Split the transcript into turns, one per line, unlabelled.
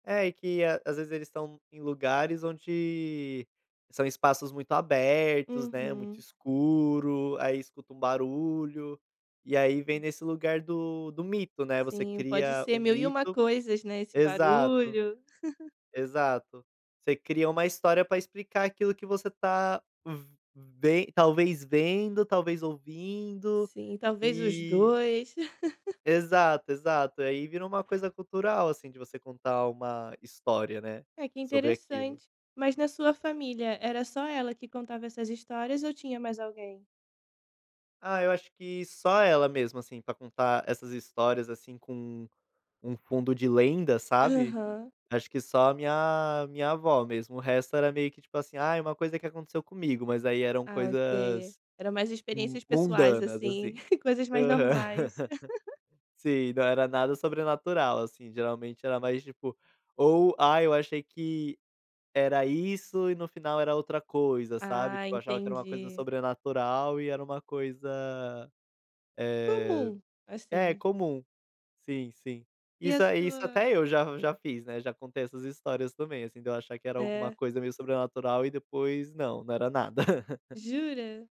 É que às vezes eles estão em lugares onde são espaços muito abertos, né, muito
Uhum.
escuro, aí escuta um barulho, e aí vem nesse lugar do do mito né, você
Sim, pode
cria o
ser mil e uma
mito.
coisas não é esse
Exato,
barulho.
exato, você cria uma história para explicar aquilo que você tá ve talvez vendo, talvez ouvindo,
Sim, talvez os
e
2.
Exato, exato, aí virou uma coisa cultural, assim, de você contar uma história, né,
Ai que
sobre aquilo.
interessante, mas na sua família era só ela que contava essas histórias ou tinha mais alguém?
Ah eu acho que só ela mesmo, assim, pra contar essas histórias, assim, com um fundo de lenda, sabe?
Aham.
Acho que só a minha, minha avó mesmo, o resto era meio que tipo assim, ai uma coisa que aconteceu comigo mas aí eram
Ah, ok.
coisas,
Eram mais experiências pessoais,
mundanas,
assim,
assim.
coisas mais
Aham.
normais.
Sim, não era nada sobrenatural, assim, geralmente era mais tipo, ou "Ai, eu achei que era isso e no final era outra coisa sabe",
Ah
tipo achava que era uma coisa
entendi.
sobrenatural e era uma coisa, eh,
Comum,
é
assim.
comum, sim sim.
E a
Isso aí isso
sua
até eu já já fiz né, já contei essas histórias também, assim, de eu achar que era alguma
É?
coisa meio sobrenatural e depois não, não era nada.
Jura?